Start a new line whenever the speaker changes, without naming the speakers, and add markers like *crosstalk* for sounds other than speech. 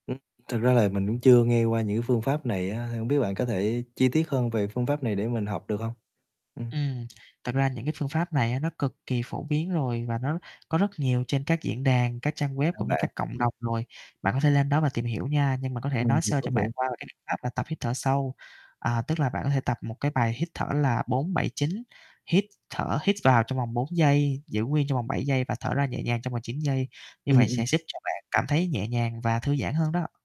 Ừm. Thực ra là mình cũng chưa nghe qua những cái phương pháp này á, thì hông biết bạn có thể chi tiết hơn về phương pháp này để mình học được hông? Ừm.
Ừm, thật ra những cái phương pháp này á nó cực kỳ phổ biến rồi, và nó có rất nhiều trên các diễn đàn, các trang web,
*unintelligible*
cũng như
bạn.
các cộng đồng rồi, bạn có thể lên đó và tìm hiểu nha. Nhưng mà có thể
Ừm,
nói
mình
sơ
có
cho bạn
hiểu.
qua về cái biện pháp là tập hít thở sâu, à, tức là bạn có thể tập một cái bài hít thở là 4-7-9, hít thở, hít vào trong vòng 4 giây, giữ nguyên trong vòng 7 giây và thở ra nhẹ nhàng trong vòng 9 giây, như
Ừm,
vậy
ừm.
sẽ giúp cho bạn cảm thấy nhẹ nhàng và thư giãn hơn đó.